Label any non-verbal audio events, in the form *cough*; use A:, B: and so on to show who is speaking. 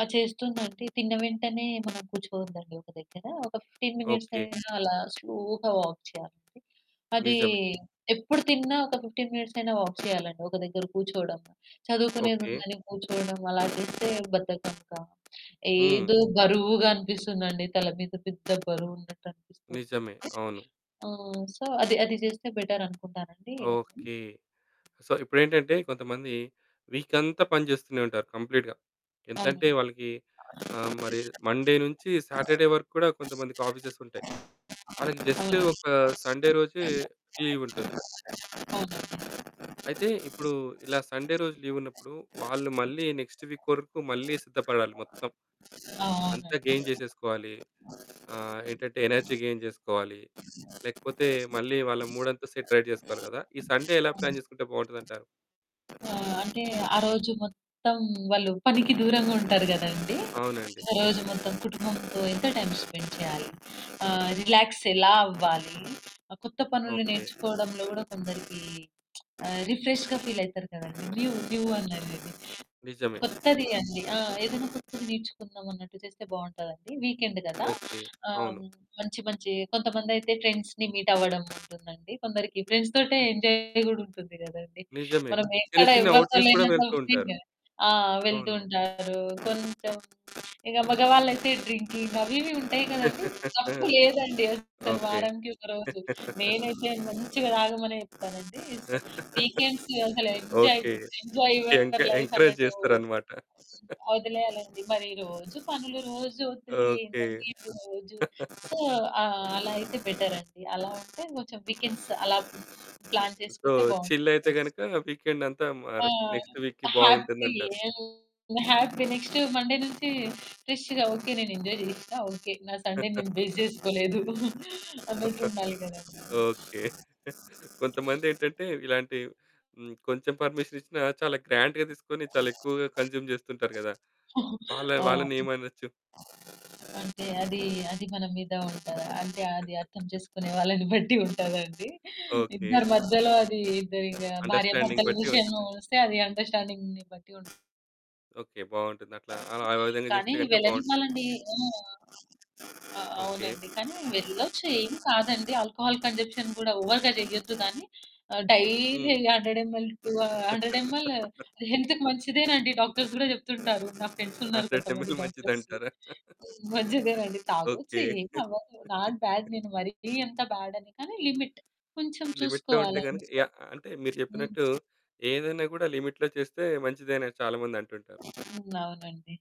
A: ఆ! చేస్తుందండి తిన్న వెంటనే మనం కూర్చోద్దండి ఒక దగ్గర. ఒక 15 మినిట్స్
B: ఓకె.
A: అయినా అలా స్లోగా వాక్ చేయాలి. అది
B: నిజమే.
A: ఎప్పుడు తిన్నా ఒక 15 మినిట్స్ అయిన వాక్ చేయాలండి ఒక దగ్గర కూర్చోవడం
B: ఓకె.
A: చదువుకునేదుందని కూర్చోవడం అలా చేస్తే బద్ధకంగా,
B: హ్మ్.
A: ఏదో బరువుగా అనిపిస్తుందండి తల మీద పెద్ద బరువు ఉన్నట్టనిపిస్తుంది.
B: నిజమే. అవును.
A: ఆహ్, సో, అది అది చేస్తే బెటరనుకుంటానండి. నేను
B: ఓకె. సో, ఇప్పుడేంటంటే కొంతమంది వీకంతా పని చేస్తూనే ఉంటారు కంప్లీట్‌గా
A: అవును.
B: ఎంతంటే వాళ్ళకి మరి మండే నుంచి సాటర్డే వరకు కూడా కొంతమందికి ఆఫీసెస్ ఉంటాయి. వాళ్ళకి జస్టు
A: అవునండి.
B: ఒక సండే రోజే లీవుంటుంది.
A: అవునండి.
B: అయితే ఇప్పుడు ఇలా సండే రోజు లీవున్నప్పుడు వాళ్ళు మళ్ళీ నెక్స్ట్ వీక్ వరకు మళ్ళీ సిద్ధపడాలి మొత్తం.
A: ఆ!
B: అంతా
A: అవునండి.
B: గెయిన్ చేసేసుకోవాలి. ఆహ్, ఏంటంటే ఎనర్జీ గెయిన్ చేసుకోవాలి, లేకపోతే మళ్ళీ వాళ్ళ మూడంతా సెట్ రైట్ చేసుకోవాలి కదా! ఈ సండే ఎలా ప్లాన్ చేసుకుంటే బావుంటుందంటారు.
A: ఆహ్, అంటే ఆరోజు మొత్తం వాళ్ళు పనికి దూరంగా ఉంటారు గదండీ!
B: అవునండి.
A: ఆ రోజు మొత్తం కుటుంబంతో ఎంత టైం స్పెండ్ చేయాలి రిలాక్స్ ఎలా అవ్వాలి, కొత్త పనులు
B: ఓకె.
A: నేర్చుకోవడంలో కూడా కొందరికి *smacks lips* అ రిఫ్రెష్‌గా ఫీలవుతారు కదండీ! న్యూ న్యూ అన్నారు.
B: నిజమే.
A: కొత్తది అండి ఏదైనా కొత్తది నేర్చుకుందామన్నట్టు చేస్తే బావుంటదండి. వీకెండ్ కదా!
B: ఓకె.
A: ఆహ్,
B: అవును.
A: మంచి మంచి కొంతమందయితే ఫ్రెండ్స్‌ని మీట్ అవ్వడం ఉంటుందండి కొందరికి ఫ్రెండ్స్ తోటే ఎంజాయ్ కూడా ఉంటుంది కదండీ!
B: నిజమే
A: మనం
B: చిన్న
A: ఎక్కడ
B: చిన్న
A: ఎవరితో
B: అవుటింగ్స్ కూడా
A: లేనంత
B: వెళ్తూ ఉంటారు.
A: ఫ్రీగా ఆ! వెళ్తూ
B: అవును.
A: ఉంటారు. కొంచెం ఇక మగవాళ్ళయితే డ్రింకింగ్ అవి ఇవి ఉంటాయి కదండీ!
B: *chuckles*
A: తప్పులేదండి అస్సలు
B: ఓకె.
A: వారానికి ఒక రోజు
B: *chuckles*
A: నేనైతే మంచిగా తాగమనే చెప్తానండి. వీకెండ్స్ అసలు
B: *laughs*
A: ఎంజాయ్
B: ఓకె.
A: ఎంజాయ్
B: ఎం
A: యూర్ లైఫ్
B: ఎంకరేజ్
A: అన్నట్టు.
B: చేస్తారన్నమాట.
A: వదిలేయాలండి మరి రోజు పనులు రోజు ఒత్తిడి
B: ఓకె.
A: ఏందండి సో,
B: *chuckles*
A: అలా అయితే బెటరండి. అలా అంటే కొంచెం వీకెండ్స్ అలా ప్లాన్
B: సో,
A: చేసుకుంటే
B: చిల్ అయితే
A: బావుంటదండి.
B: గనుక వీకెండంతా మ
A: ఆ!
B: మరి నెక్స్ట్ వీక్‌కి
A: హ్యాపీ
B: బావుంటుందంటారు.
A: హ్యాపీ నెక్స్ట్ మండే నుంచి ఫ్రెష్‌గా ఓకె. నేను ఎంజాయ్ చేసినా ఓకె. నా సండే నేను వేస్ట్
B: *chuckles*
A: చేసుకోలేదు *giggles*
B: *chuckles*
A: అన్నట్టుండాలి కదా!
B: ఓకె. *giggles* కొంతమందేంటంటే ఇలాంటి కొంచెం పర్మిషనిచ్చినా చాలా గ్రాండ్‌గా తీసుకొని చాలా ఎక్కువగా కన్జ్యూమ్ చేస్తుంటారు కదా!
A: *giggles*
B: వాళ్
A: అవును.
B: వాళ్ళనేమనొచ్చు?
A: అంటే అది అది మన మీద ఉంటది. అంటే అది అర్థం
B: *chuckles*
A: చేసుకునే వాళ్ళని బట్టి ఉంటదండి. *giggles*
B: ఓకె.
A: ఇద్దరి మధ్యలో అది ఇద్దరి భార్య
B: అండర్‌స్టాండింగ్
A: భర్తల
B: బట్టి
A: విషయంలో
B: ఉంటుంది.
A: వస్తే అది అండర్‌స్టాండింగ్‌ని బట్టి ఉంటది.
B: ఓకె. బావుంటుందట్లా.
A: అవునండి.
B: ఆ విధంగా చేస్తే
A: కానీ
B: గనుక బావుంటుంది.
A: వెళ్ళనివ్వాలండి. హ్మ్. అ
B: ఓకె.
A: అవునండి. కానీ వెళ్ళొచ్చు ఏమి కాదండి ఆల్కహాల్ కన్సంప్షన్ కూడా ఓవర్‌గా చేయొద్దు కానీ డైలీ
B: హ్మ్.
A: 100 ఎంఎల్ టూ 100 ఎంఎల్
B: *laughs*
A: హెల్త్‌కి మంచిదేనండి డాక్టర్స్ కూడా చెప్తుంటారు. నా ఫ్రెండ్స్ ఉన్నారు
B: 100
A: కొంతమంది
B: ఎంఎల్
A: డాక్టర్స్
B: మంచిదంటారా? *chuckles*
A: మంచిదేనండి తాగొచ్చు,
B: ఓకె.
A: ఏమవ్వదు. నాట్ బ్యాడ్
B: *chuckles*
A: నేను మరీ అంత బ్యాడని కానీ లిమిట్ కొంచెం
B: లిమిట్‌లో ఉంటే గనుక
A: చూసుకోవాలండి.
B: యా అంటే మీరు
A: హ్మ్.
B: చెప్పినట్టు ఏదైనా కూడా లిమిట్‌లో చేస్తే మంచిదే అని చాలా మంది అంటుంటారు.
A: హ్మ్. అవునండి